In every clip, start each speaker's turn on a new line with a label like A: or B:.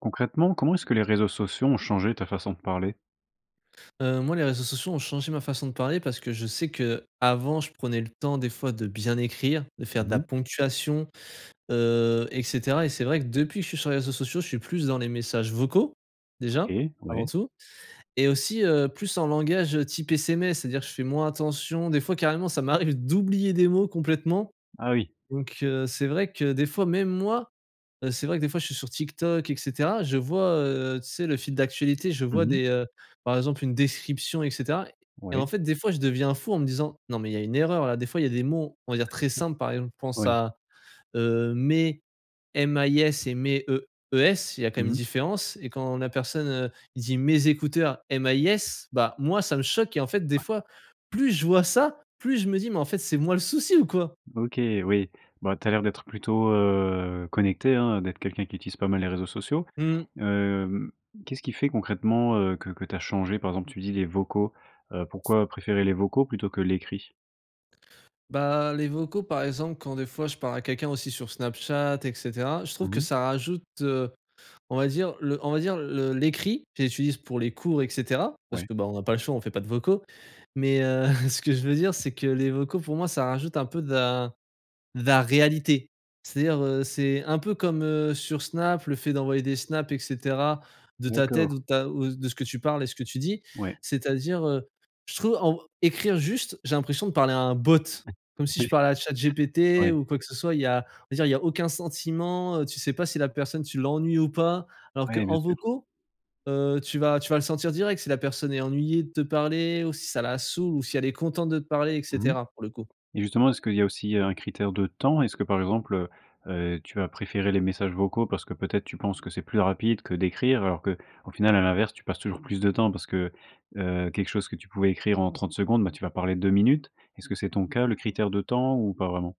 A: Concrètement, comment est-ce que les réseaux sociaux ont changé ta façon de parler?
B: Heu, moi les réseaux sociaux ont changés ma façon de parler parce que je sais que, avant je prenais le temps des fois de bien écrire, de faire de
A: Mmh
B: la
A: mh.
B: ponctuation, heu et cetera et c'est vrai que depuis que je suis sur les réseaux sociaux je suis plus dans les messages vocaux, déjà
A: OK,
B: avant
A: ouais.
B: tout. Et aussi, heu, plus en langage type SMS. C'est-à-dire je fais moins attention des fois carrément ça m'arrive d'oublier des mots, complètement,
A: Ah oui.
B: donc, heu. C'est vrai que des fois même moi, heu, c'est vrai que des fois je suis sur TikTok et cetera, je vois, heu, tu sais le fil d'actualité je
A: Mmh
B: vois
A: mh.
B: des, heu, par exemple une description et cetera et en
A: Ouais.
B: fait, des fois je deviens fou en me disant: «Non, mais il y a une erreur là». Des fois il y a des mots, on va dire très simples par exemple je pense
A: Ouais.
B: à, heu, mais M A I S, et mes E E S, il y a quand même une
A: Mmh mh.
B: différence et quand la personne heu, il dit: «mes écouteurs: M A I S», bah, moi ça me choque et en fait des
A: Ouais.
B: fois, plus je vois ça, plus je me dis: «Mais en fait c'est moi le souci ou quoi?»
A: OK, oui, bah tu as l'air d'être plutôt heu, connecté hein, d'être quelqu'un qui utilise pas mal les réseaux sociaux.
B: Mmh.
A: Hem, qu'est-ce qui fait concrètement, heu, que que tu as changé, par exemple tu dis: «Les vocaux», heu, pourquoi préférer les vocaux plutôt que l'écrit?
B: Bah, les vocaux, par exemple, quand des fois je parle à quelqu'un aussi sur Snapchat et cetera. Je trouve
A: Mmh
B: que
A: mh.
B: ça rajoute, heu, on va dire le on va dire le l'écrit. J'utilise pour les cours et cetera, parce
A: Ouais.
B: que, ben, on n'a pas le choix, on fait pas de vocaux. Mais,
A: [unintelligible]
B: heu, ce que je veux dire, c'est que les vocaux, pour moi, ça rajoute un peu de la de la réalité. C'est-à-dire, heu, c'est un peu comme, heu, sur Snap, le fait d'envoyer des snaps et cetera, de ta tête
A: D'accord.
B: ou de ta ou de ce que tu parles et ce que tu dis.
A: Ouais.
B: C'est-à-dire, heu, je trouve en écrire juste, j'ai l'impression de parler à un bot. Comme si je
A: Oui.
B: parlais à ChatGPT
A: Oui.
B: ou quoi que ce soit. Il y a, on va dire, il y a aucun sentiment. Heu, tu sais pas si la personne, tu l'ennuies ou pas. Alors
A: Ouais, bien
B: qu'en
A: sûr.
B: vocaux, heu, tu vas tu vas le sentir direct si la personne est ennuyée de te parler ou si ça la saoule ou si elle est contente de te parler et
A: Mmh mh.
B: cetera, pour le coup.
A: Et justement, est ce qu'il y a aussi, heu, un critère de temps? Est-ce que, par exemple, heu heu, tu as préféré les messages vocaux parce que peut-être tu penses que c'est plus rapide que d'écrire? Alors que, au final, à l'inverse, tu passes toujours plus de temps parce que, heu, quelque chose que tu pouvais écrire en 30 secondes, bah, tu vas parler 2 minutes. Est-ce que c'est ton cas, le critère de temps ou pas vraiment?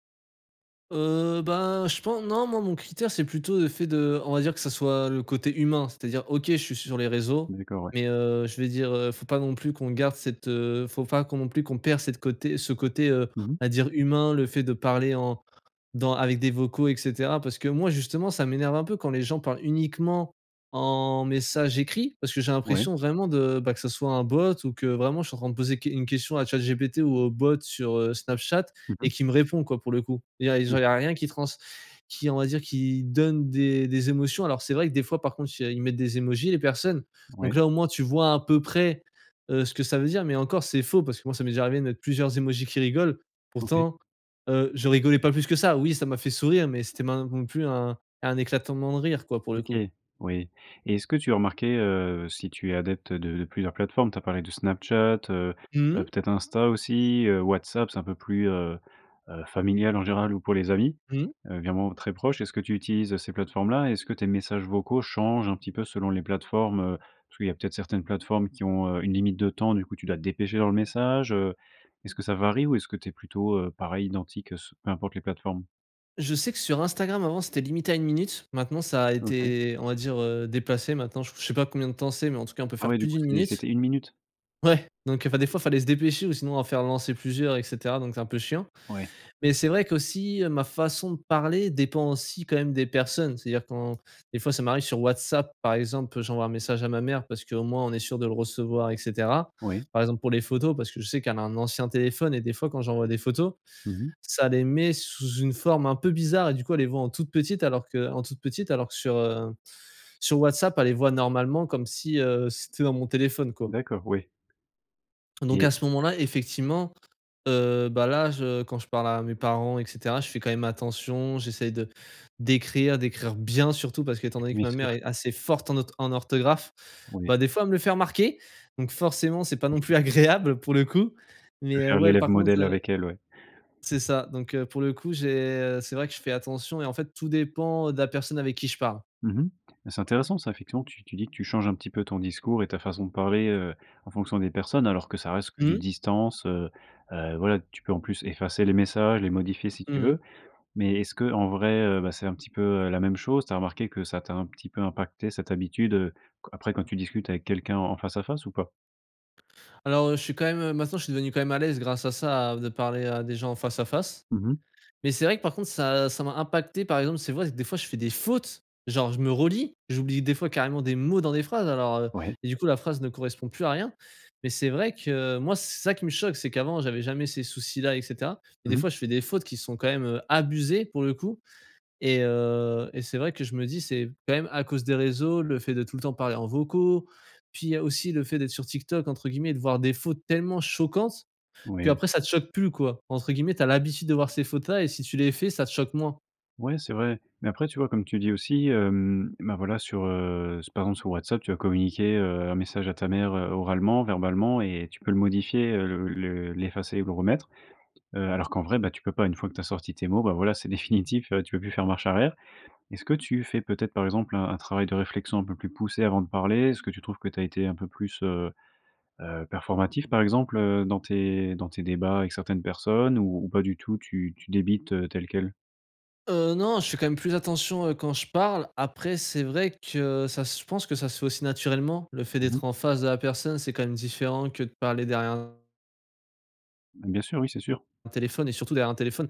B: Heu, ben, je pen non. Moi, mon critère, c'est plutôt le fait de on va dire que ça soit le côté humain. C'est-à-dire OK, je suis sur les réseaux.
A: D'accord, ouais.
B: Mais, heu, je vais dire, heu, faut pas non plus qu'on garde cette, heu faut pas qu'on non plus qu'on perd cette côté ce côté, heu,
A: Mmh mh.
B: on va dire humain. Le fait de parler en dans avec des vocaux et cetera. Parce que moi, justement, ça m'énerve un peu quand les gens parlent uniquement en message écrit. Parce que j'ai
A: Ouais.
B: l'impression vraiment de, bah que ça soit un bot ou que vraiment je suis en train de poser qu une question à ChatGPT ou au bot sur, heu, Snapchat
A: Mmh
B: et
A: mh.
B: qui me répond, quoi, pour le coup. Et il y a genre, il y
A: Mmh.
B: a rien qui trans qui, on va dire qui donne des des émotions. Alors c'est vrai que, des fois, par contre, il y a ils mettent des émojis, les personnes. Donc
A: Ouais.
B: là, au moins, tu vois à peu près, heu, ce que ça veut dire. Mais encore, c'est faux parce que moi, ça m'est déjà arrivé de mettre plusieurs émojis qui rigolent,
A: OK.
B: pourtant, heu, je rigolais pas plus que ça. Oui, ça m'a fait sourire, mais c'était min non plus un un éclatement de rire, quoi pour le coup.
A: OK, oui. Et est-ce que tu as remarqué? Heu, si tu es adepte de de plusieurs plateformes, tu as parlé du Snapchat, heu,
B: Mmh
A: heu,
B: mh?
A: peut-être Insta aussi, heu, WhatsApp, c'est un peu plus, heu, heu, familial en général ou pour les amis,
B: Mmh.
A: heu, vraiment très proches. Est-ce que tu utilises, heu, ces plateformes-là? Est-ce que tes messages vocaux changent un petit peu selon les plateformes, heu? Parce qu'il y a peut-être certaines plateformes qui ont, heu, une limite de temps. Du coup, tu dois te dépêcher dans le message. Heu, est-ce que ça varie ou est-ce que tu es plutôt, heu, pareil, identique, heu, s peu importe les plateformes?
B: Je sais que sur Instagram à un moment, c'était limité à 1 minute. Maintenant ça a
A: OK.
B: été on va dire, heu, déplacé, maintenant, j je sais pas combien de temps c'est mais en tout cas on peut
A: Ah
B: faire
A: ouais, du
B: plus
A: coup,
B: d'1
A: c'est
B: minute
A: c'était 1 minute?
B: ouais, donc, enfin, des fois fallait se dépêcher ou sinon en faire lancer plusieurs et cetera donc c'est un peu chiant.
A: Ouais.
B: Mais c'est vrai qu'aussi ma façon de parler dépend aussi quand même des personnes. C'est-à-dire quand des fois ça m'arrive sur WhatsApp par exemple, j'envoie un message à ma mère parce qu'au moins on est sûr de le recevoir et cetera.
A: Oui.
B: Par exemple pour les photos parce que je sais qu'elle a un ancien téléphone et des fois quand j'envoie des photos,
A: Mmh mh.
B: ça les met sous une forme un peu bizarre et du coup elle les voit en toute petites alors que en toute petites, alors que sur, heu, sur WhatsApp elle les voit normalement comme si, heu, c'était dans mon téléphone, quoi.
A: D'accord, ouais.
B: Donc
A: Et
B: à ce moment-là effectivement, heu, bah, là je quand je parle à mes parents et cetera je fais quand même attention. J'essaye de d'écrire d'écrire bien, surtout parce que étant donné que
A: Bien
B: ma mère
A: sûr!
B: est assez forte en otho en orthographe.
A: Oui.
B: Bah, des fois, elle me le fait remarquer donc forcément c'est pas non plus
A: [unintelligible]
B: agréable, pour le coup. Mais,
A: De
B: heu,
A: faire
B: ouais
A: l'élève
B: par contre,
A: modèle
B: heu
A: avec elle, ouais.
B: c'est ça donc, heu, pour le coup j'ai, heu c'est vrai que je fais attention et en fait tout dépend de la personne avec qui je parle.
A: Mmh mh. Mais c'est intéressant ça. Effectivement, tu tu dis que tu changes un petit peu ton discours et ta façon de parler, heu, en fonction des personnes, alors que ça reste que du
B: Mmh.
A: distance, heu. Heu, voilà, tu peux en plus effacer les messages, les modifier si tu
B: Mmh mh.
A: veux. Mais est-ce qu'en vrai, heu, bah, c'est un petit peu, heu, la même chose? Tu as remarqué que ça t'a un petit peu impacté cette habitude, heu, après quand tu discutes avec quelqu'un en face à face ou pas?
B: Alors, heu, je suis quand même, heu, maintenant je suis devenu quand même à l'aise grâce à ça de parler à des gens en face à face.
A: Mmh mh.
B: Mais c'est vrai que par contre ça ça m'a impacté par exemple, c'est vrai, des fois je fais des fautes genre je me relis. J'oublie des fois carrément des mots dans des phrases alors, heu
A: Ouais.
B: et du coup la phrase ne correspond plus à rien. Mais c'est vrai que, moi c'est ça qui me choque c'est qu'avant j'avais jamais ces soucis-là et cetera. Et
A: Mmh
B: des
A: mh.
B: fois je fais des fautes qui sont quand même, heu, abusées pour le coup. Et, heu et c'est vrai que je me dis c'est quand même à cause des réseaux. Le fait de tout le temps parler en vocaux. Puis il y a aussi le fait d'être sur TikTok entre guillemets de voir des «fautes tellement choquantes». Puis
A: Oui.
B: après ça te choque plus quoi entre guillemets «tu as l'habitude de voir ces fautes-là» et si tu les fais ça te choque moins.
A: Ouais, c'est vrai. Mais après, tu vois, comme tu dis aussi, hem, bah, voilà, sur, heu, s par exemple sur WhatsApp, tu vas communiquer, heu, un message à ta mère, heu, oralement, verbalement, et tu peux le modifier, heu, le le l'effacer et le remettre. Heu, alors qu'en vrai, bah, tu peux pas, une fois que tu as sorti tes mots, bah, voilà, c'est définitif, heu, tu peux plus faire marche arrière. Est-ce que tu fais peut-être, par exemple, un un travail de réflexion un peu plus poussé avant de parler? Est-ce que tu trouves que tu as été un peu plus, heu heu, performatif, par exemple, heu, dans tes dans tes débats avec certaines personnes ou ou pas du tout? Tu tu débites, heu, tel quel?
B: Heu non, je fais quand même plus attention, heu, quand je parle. Après, c'est vrai que ça, je pense que ça se fait aussi naturellement, le fait
A: Mmh
B: d'être
A: mh.
B: en face de la personne c'est quand même différent que de parler derrière un
A: Mmh bien sûr, oui c'est sûr.
B: un téléphone, et surtout derrière un téléphone.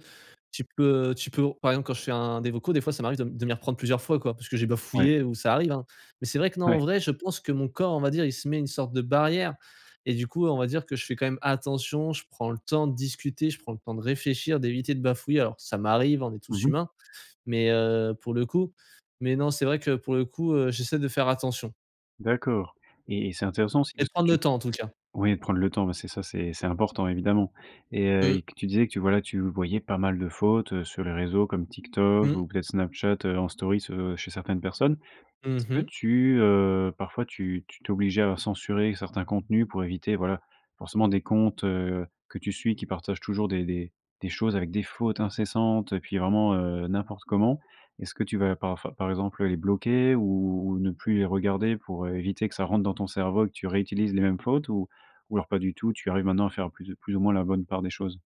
B: Tu peux, heu, tu peux par exemple, quand je fais un des vocaux des fois ça m'arrive de de m'y reprendre plusieurs fois, quoi. Parce que j'ai
A: Ouais.
B: bafouillé ou ça arrive, hein. Mais c'est vrai que non
A: Ouais.
B: en vrai je pense que mon corps, on va dire, il se met une sorte de barrière et du coup, on va dire que je fais quand même attention, je prends le temps de discuter, je prends le temps de réfléchir, d'éviter de bafouiller alors, ça m'arrive, hein, on est tous
A: Mmh mh.
B: humains. Mais heu, pour le coup, mais non c'est vrai que pour le coup, heu j'essaie de faire attention.
A: D'accord et et c'est intéressant aussi,
B: Et de
A: parce que
B: prendre le
A: tu
B: temps, en tout cas.
A: ouais de prendre le temps, bah c'est ça, c'est c'est important, évidemment. Et, heu,
B: Mmh.
A: et que tu disais que tu voilà, tu voyais pas mal de fautes, heu, sur les réseaux comme TikTok
B: Mmh.
A: ou peut-être Snapchat heu en story ce chez certaines personnes.
B: Mmh
A: Est-ce que
B: mh.
A: tu, heu, parfois tu tu t'obligais à censurer certains contenus pour éviter voilà, forcément des comptes, heu, que tu suis qui partagent toujours des des des choses avec des fautes incessantes et puis vraiment, heu, n'importe comment. Est-ce que tu vas parfois par exemple les bloquer ou ou ou ne plus les regarder pour, heu, éviter que ça rentre dans ton cerveau et que tu réutilises les mêmes fautes ou ou alors pas du tout, tu arrives maintenant à faire plus ou plus ou moins la bonne part des choses?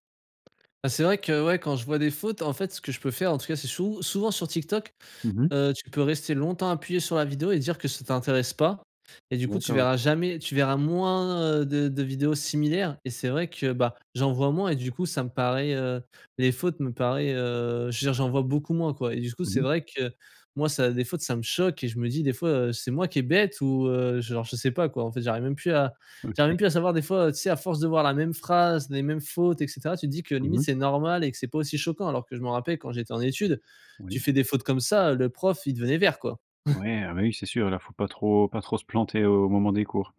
B: Ah c'est vrai que, ouais quand je vois des fautes en fait ce que je peux faire, en tout cas c'est sou souvent sur TikTok.
A: Mmh mh.
B: Heu, tu peux rester longtemps appuyé sur la vidéo et dire que ça t'intéresse pas et du coup tu
A: D'accord.
B: verras jamais, tu verras moins, heu, de de vidéos similaires et c'est vrai que bah, j'en vois moins et du coup ça me paraît, heu, les fautes me paraît, heu, je veux dire, j'en vois beaucoup moins, quoi. Et du coup
A: Mmh
B: c'est
A: mh.
B: vrai que, moi ça des fautes ça me choque et je me dis des fois: «Heu c'est moi qui est bête», ou heu genre je sais pas quoi, en fait. J'arrive même plus à j'arrive même
A: OK.
B: plus à savoir des fois heu, tu sais, à force de voir la même phrase, les mêmes fautes et cetera, tu te dis que
A: Mmh
B: limite
A: mh.
B: c'est normal et que c'est pas aussi choquant! Alors que je m'en rappelle quand j'étais en études, tu
A: Oui.
B: fais des fautes comme ça, heu, le prof, il devenait vert quoi!
A: Ouais, ah bah oui, c'est sûr! Alors faut pas trop pas trop se planter au moment des cours.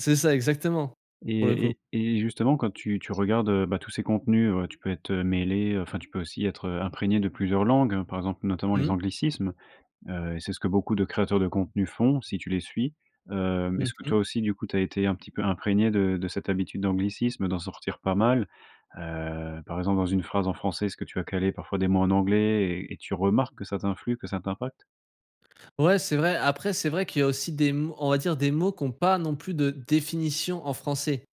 B: C'est ça, exactement! Pour le coup.
A: Et et et justement, quand tu tu regardes, heu, bah tous ces contenus, heu, tu peux être heu mêlé, heu enfin, tu peux aussi être, heu, imprégné de plusieurs langues, par exemple, notamment les
B: Mmh.
A: anglicismes. Heu, et c'est ce que beaucoup de créateurs de contenus font, si tu les suis. Heu mais
B: Mmh
A: est-ce que toi
B: mh.
A: aussi, du coup, tu as été un petit peu imprégné de de cette habitude d'anglicisme, d'en sortir pas mal. Heu par exemple, dans une phrase en français, est-ce que tu as calé parfois des mots en anglais et et tu remarques que ça t'influe, que ça t'impacte?
B: Ouais, c'est vrai, après, c'est vrai qu'il y a aussi des m on va dire des mots qui ont pas non plus de définition en français.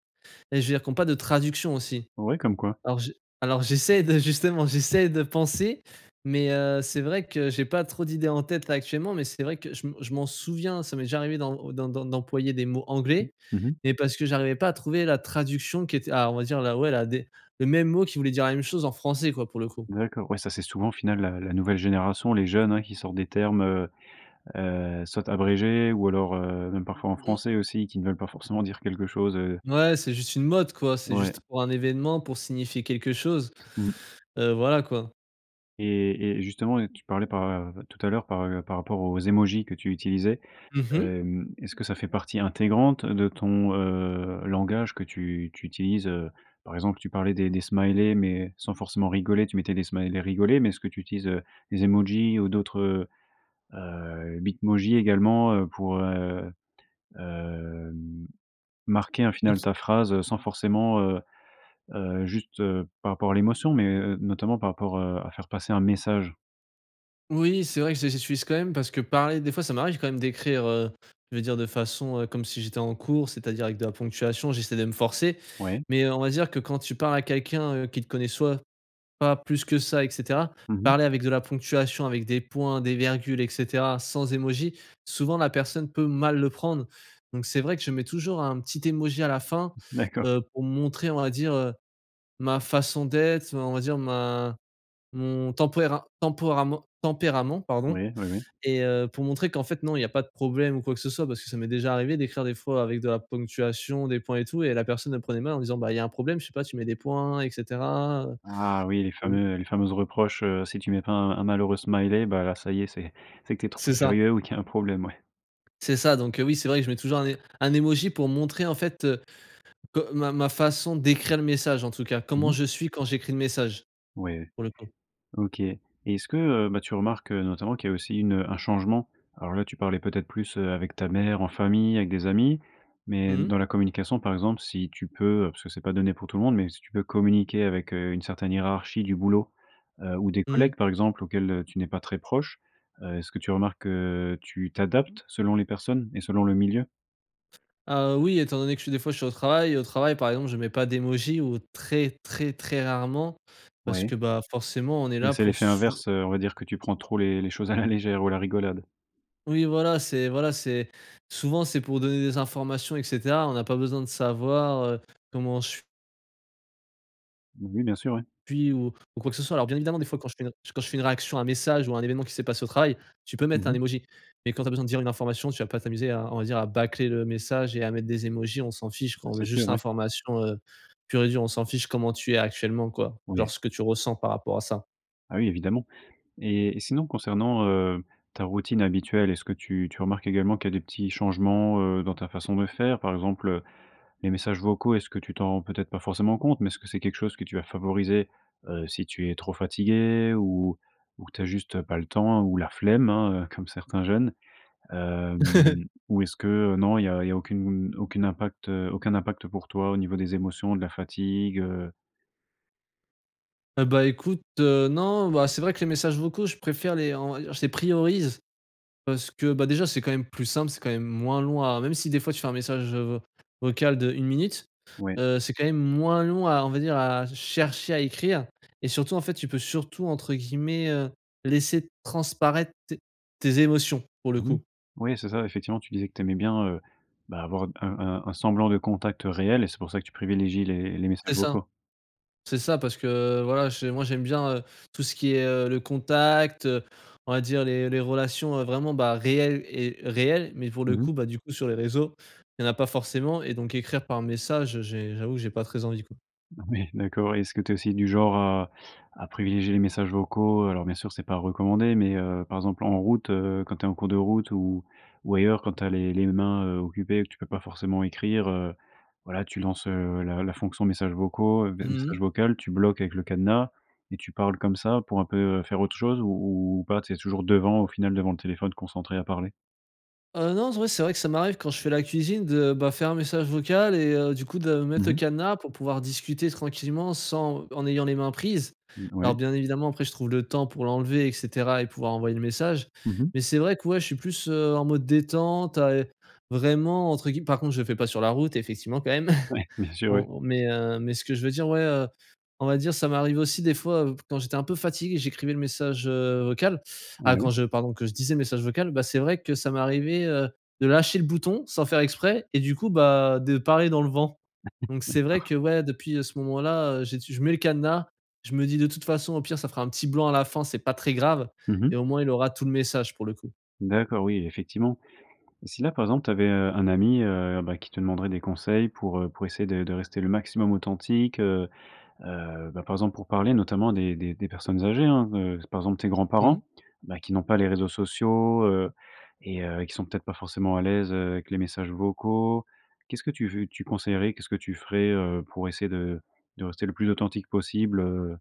B: Et je veux dire qu'on pas de traduction aussi.
A: Ouais, comme quoi?
B: Alors je, alors j'essaie de justement, j'essaie de penser, mais heu, c'est vrai que j'ai pas trop d'idées en tête là actuellement, mais c'est vrai que je me je m'en souviens, ça m'est déjà arrivé d'em d'em d'em d'employer des mots
A: Mmh,
B: anglais
A: mmh mh.
B: et parce que j'arrivais pas à trouver la traduction qui était ah on va dire la, ouais la des le même mot qui voulait dire la même chose en français quoi pour le coup.
A: D'accord, ouais, ça, c'est souvent au final, la la nouvelle génération, les jeunes, hein, qui sortent des termes, heu heu, soit abrégés ou alors, heu, même parfois en
B: Mmh.
A: français aussi, qui ne veulent pas forcément dire quelque chose, heu
B: Mouais c'est juste une mode, quoi. C'est
A: Ouais.
B: juste pour un événement pour signifier quelque chose.
A: Mmh.
B: Heu, voilà quoi.
A: Et et et justement, tu parlais par, tout à l'heure par, heu, par par rapport aux émojis que tu utilisais.
B: Mmh mh.
A: Hem, est-ce que ça fait partie intégrante de ton, heu, langage que tu tu utilises? Heu, par exemple, tu parlais des des smileys, mais sans forcément rigoler, tu mettais des smileys, rigolé. Mais est-ce que tu utilises, heu, les émojis ou d'autres, heu, Bitmojis également, heu, pour, heu, hem, marquer un
B: Est
A: final
B: q
A: ta phrase sans forcément, heu heu, juste, heu, par rapport à l'émotion, mais, heu, notamment par rapport, heu, à faire passer un message?
B: Oui, c'est vrai que je les utilise quand même, parce que parler des fois ça m'arrive quand même d'écrire heu, je veux dire de façon heu, comme si j'étais en cours, c'est-à-dire avec de la ponctuation, j'essaie de me forcer.
A: Ouais.
B: Mais heu, on va dire que quand tu parles à quelqu'un, heu, qui te connaît soit pas plus que ça et cetera,
A: Mmh mh.
B: parler avec de la ponctuation, avec des points, des virgules et cetera sans émoji, souvent la personne peut mal le prendre. Donc, c'est vrai que je mets toujours un petit Emoji à la fin,
A: D'accord.
B: heu, pour montrer on va dire heu, ma façon d'être, heu, on va dire ma mon tempéra tempérament- tempérament pardon,
A: Ouais. Ouais, ouais.
B: et heu, pour montrer qu'en fait non, il y a pas de problème ou quoi que ce soit. Parce que ça m'est déjà arrivé d'écrire des fois avec de la ponctuation, des points et tout et la personne elle le prenait mal en disant: «Bah, il y a un problème je sais pas tu mets des points et cetera»
A: Ah oui! Les
B: heu, mmh.
A: fameux, heu, les fameuses reproches, heu, si tu mets pas un un malheureux smiley, bah là, ça y est c'est c'est que tu es trop
B: C'est ça.
A: sérieux ou qu'il y a un problème, ouais.
B: C'est ça donc, heu, oui c'est vrai que je mets toujours un é un émoji pour montrer en fait, heu, que ma ma façon d'écrire le message, en tout cas.
A: Mmh
B: Comment
A: mh.
B: je suis quand j'écris le message,
A: Ouais,
B: pour le coup.
A: OK. Et est-ce, heu, bah que tu remarques, heu, notamment qu'il y a aussi une, heu, un changement? Alors là, tu parlais peut-être plus heu, avec ta mère, en famille, avec des amis, mais
B: Mmh mh.
A: dans la communication, par exemple, si tu peux, heu, parce que c'est pas donné pour tout le monde, mais si tu peux communiquer avec heu, une certaine hiérarchie du boulot, heu, ou des
B: Mmh.
A: collègues, par exemple, auxquels heu, tu n'es pas très proche. Heu, est-ce que tu remarques que tu t'adaptes selon les personnes, et selon le milieu?
B: Heu, oui étant donné que je suis, des fois, je suis au travail. Au travail, par exemple, je mets pas d'émoji ou très très très rarement. Parce
A: Ouais.
B: que bah, forcément on est
A: Mais
B: là
A: c'est
B: pour
A: l'effet
B: sou
A: inverse, heu. On va dire que tu prends trop les les choses à la légère ou à la rigolade.
B: Oui voilà, c'est voilà c'est, souvent c'est pour donner des informations et cetera on n'a pas besoin de savoir heu, comment je s
A: Oui, bien sûr ouais.
B: je suis ou ou quoi que ce soit, alors bien évidemment des fois quand je fais un quand je fais une réaction à un message ou à un événement qui s'est passé au travail, tu peux
A: Mmh
B: mettre un
A: mh.
B: émoji mais quand tu as besoin de dire une information tu vas pas t'amuser à, on va dire à bâcler le message et à mettre des émojis, on s'en fiche
A: Mais
B: quoi. On veut
A: c'est
B: juste
A: sûr, ouais.
B: l'information heu, pure et dure. On s'en fiche comment tu es actuellement quoi. Genre
A: Oui.
B: ce que tu ressens par rapport à ça.
A: Bah oui évidemment. Et et sinon concernant, heu, ta routine habituelle est ce que tu tu remarques également qu'il y a des petits changements, heu, dans ta façon de faire par exemple, heu, les messages vocaux est ce que tu t'en rends peut-être pas forcément compte mais est ce que c'est quelque chose que tu vas favoriser? Heu, si tu es trop fatigué ou ou tu as juste, heu, pas le temps, ou la flemme hein, comme certains jeunes. Hem, ou est-ce que, heu, non il y a il y a aucune, aucune impact, heu, aucun impact pour toi au niveau des émotions, de la fatigue, heu?
B: Heu, bah, écoute, heu, non. Bah, c'est vrai que les messages vocaux je préfère les en je les priorise parce que, bah, déjà c'est quand même plus simple, c'est quand même moins long à même si des fois tu fais un message, heu, vo vocal de 1 minute.
A: Ouais.
B: Heu, c'est quand même moins long à, on va dire, à chercher à écrire et surtout, en fait, tu peux surtout entre guillemets, heu: «Laisser transparaître tes tes émotions», pour le
A: Mmh mh,
B: coup.
A: oui, c'est ça. Effectivement, tu disais que tu aimais bien, heu, bah, avoir, heu, un un un semblant de contact réel et c'est pour ça que tu privilégies les les
B: C'est
A: messages
B: ça.
A: vocaux.
B: C'est ça parce que voilà, j'ai moi j'aime bien, heu, tout ce qui est heu le contact, heu, on va dire les les relations, heu, vraiment, bah, réelles et réelles. Mais pour le
A: Mmh mh.
B: coup, bah, du coup sur les réseaux, il y en a pas forcément et donc écrire par message, heu, j'ai, j'avoue que j'ai pas très envie quoi.
A: Ouais, d'accord et est-ce que tu es aussi du genre à à privilégier les messages vocaux? Alors bien sûr, c'est pas recommandé, mais, heu, par exemple en route, heu, quand tu es en cours de route ou ou ailleurs, quand tu as les les mains, heu, occupées, tu peux pas forcément écrire, heu. Voilà tu lances, heu, la la fonction messages vocaux des
B: Mmh mh.
A: messages vocal, tu bloques avec le cadenas et tu parles comme ça, pour un peu faire autre chose, ou ou pas, tu es toujours devant, au final devant le téléphone, concentré à parler?
B: Ah non, ouais, c'est vrai que ça m'arrive, quand je fais la cuisine de, bah, faire un message vocal et heu, du coup de mettre
A: Mmh
B: le
A: mh.
B: cadenas pour pouvoir discuter tranquillement sans, en ayant les mains prises.
A: Mmh, ouais.
B: Alors bien évidemment après je trouve le temps pour l'enlever et cetera et pouvoir envoyer le message
A: Mmh mh.
B: mais c'est vrai que ouais je suis plus, heu, en mode détente, à, heu vraiment entre guill par contre je le fais pas sur la route effectivement, quand même.
A: Ouais! Bien sûr oui.
B: On mais, heu, mais ce que je veux dire ouais, heu, on va dire ça m'arrive aussi des fois, heu, quand j'étais un peu fatigué j'écrivais le message, heu, vocal. Ah quand
A: Oui.
B: je, pardon, que je disais le message vocal. Bah c'est vrai que ça m'est arrivé, heu, de lâcher le bouton sans faire exprès et du coup bah de parler dans le vent. Donc c'est vrai
A: D'accord.
B: que ouais depuis, heu, ce moment-là, heu, j'ai je mets le cadenas, je me dis: «De toute façon au pire ça fera un petit blanc à la fin, c'est pas très grave
A: Mmh mh.
B: et au moins il aura tout le message» pour le coup.
A: D'accord, oui, effectivement. Si là, par exemple, tu avais, heu, un ami, heu, bah qui te demanderait des conseils pour, heu, pour essayer de de rester le maximum authentique, heu. Heu, bah par exemple, pour parler notamment des des des personnes âgées hein, heu, par exemple tes grands
B: Mmh.
A: parents, bah qui n'ont pas les réseaux sociaux, heu et heu, qui sont peut être pas forcément à l'aise, heu, avec les messages vocaux. Qu'est ce que tu veux tu conseillerais? Qu'est ce que tu ferais, heu, pour essayer de de rester le plus authentique possible, heu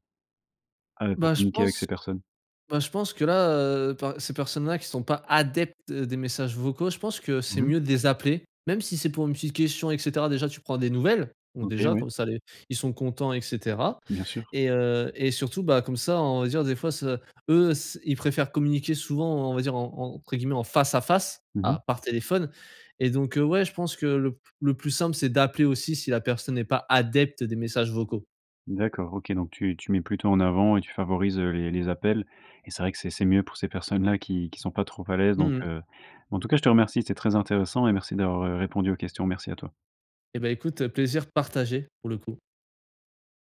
A: heu, pour
B: Ben je
A: communiquer avec
B: pense
A: ces personnes?
B: ben je pense que là, heu, enfin, ces personnes là qui sont pas adeptes des messages vocaux, je pense que c'est
A: Mmh mh.
B: mieux de les appeler. Même si c'est pour une petite question et cetera. Déjà tu prends des nouvelles. Bon
A: OK,
B: déjà,
A: oui.
B: comme ça les ils sont contents et cetera.
A: Bien sûr!
B: Et heu, et surtout bah comme ça on va dire des fois ça, eux c'est ils préfèrent communiquer souvent en on va dire en en entre guillemets «en face à face».
A: Mmh mh.
B: Alors par téléphone et donc, heu, ouais je pense que le p le plus simple, c'est d'appeler aussi, si la personne est pas adepte des messages vocaux.
A: D'accord OK, donc tu tu mets plutôt en avant et tu favorise, heu, les les appels. Et c'est vrai que c'est c'est mieux pour ces personnes-là qui qui sont pas trop à l'aise. Donc,
B: Mmh mh.
A: heu, en tout cas, je te remercie, c'est très intéressant et merci d'avoir, heu, répondu aux questions. Merci à toi.
B: Et bah écoute, heu, plaisir partagé, pour le coup.